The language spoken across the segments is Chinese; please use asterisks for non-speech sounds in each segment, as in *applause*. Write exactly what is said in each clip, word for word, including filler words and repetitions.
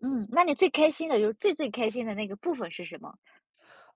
嗯，那你最开心的就是最最开心的那个部分是什么？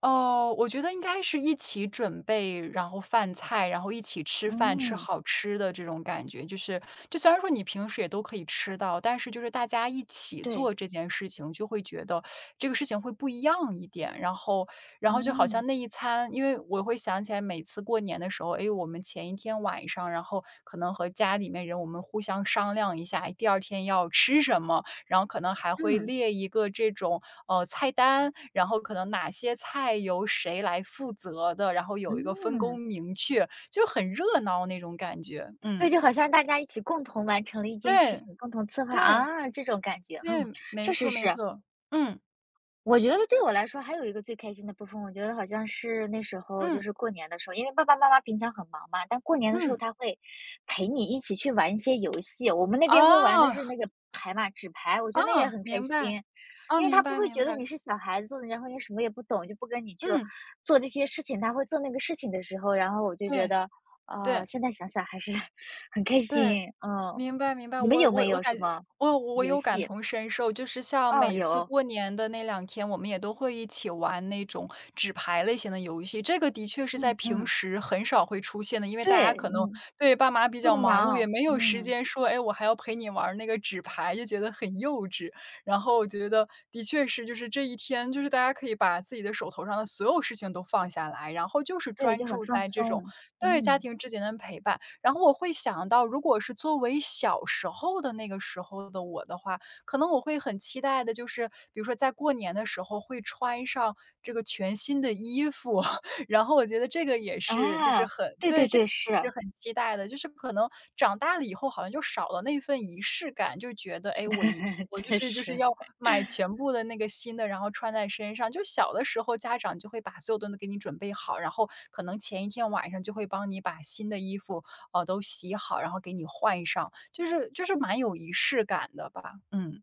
呃，我觉得应该是一起准备然后饭菜，然后一起吃饭、吃嗯。好吃的这种感觉。就是就虽然说你平时也都可以吃到，但是就是大家一起对。做这件事情，就会觉得这个事情会不一样一点。然后然后就好像嗯。那一餐因为我会想起来每次过年的时候，哎哟，我们前一天晚上，然后，可能和家里面人我们互相商量一下，第二天要吃什么，然后可能还会嗯。列一个这种，呃，菜单，然后可能哪些菜由谁来负责的，然后有一个分工嗯。明确，就很热闹那种感觉。所以嗯。就好像大家一起共同完成了一件事对，情，共同策划，对。啊，这种感觉，嗯，对，没确错实没是。错。嗯。我觉得对我来说还有一个最开心的部分，我觉得好像是那时候就嗯。是过年的时候因为爸爸妈妈平常很忙嘛，但过年的时候嗯。他会陪你一起去玩一些游戏，我们那边会玩的是哦。那个牌嘛，纸牌，我觉哦，得那也很开明白。心。哦，因为明他不白会明觉得你白。是小孩子，然后你什么也不懂，就不跟你去嗯。做这些事情。他会做那个事情的时候，然后我就觉对，得，啊，对。现在想想还是很开对，心，啊。明白明白。你们我有我没我有感什觉么我我游有感戏？同身受，就是像哦，每次有。过年的那两天，我们也都会一起玩那种纸牌类型的游戏，这个的确是在嗯平嗯。时很少会出现的。因为大家对，可能嗯。对，爸妈比较都很忙碌，也忙，没有时嗯。间说，诶，我还要陪你玩儿那个纸牌，就觉得很幼稚。然后我觉得的确是，就是这一天就是大家可以把自己的手头上的所有事情都放下来，然后就是对，专就很注放在这种松。对，家嗯。庭之间的陪伴。然后我会想到如果是作为小时候的那个时候的我的话，可能我会很期待的就是，比如说在过年的时候会穿上这个全新的衣服，然后我觉得这个也是就是啊，很对对对，这对，是。是很期待的。就是可能长大了以后，好像就少了那份仪式感。就觉得，诶，我衣对，我就确是就是实。要买 *chuckles* 全部的那个新的，然后穿在身上，就小的时候家长就会把所有东西给你准备好，然后可能前一天晚上就会帮你把新的衣服，呃，都洗好，然后给你换上。就是就是蛮有仪式感的吧。嗯。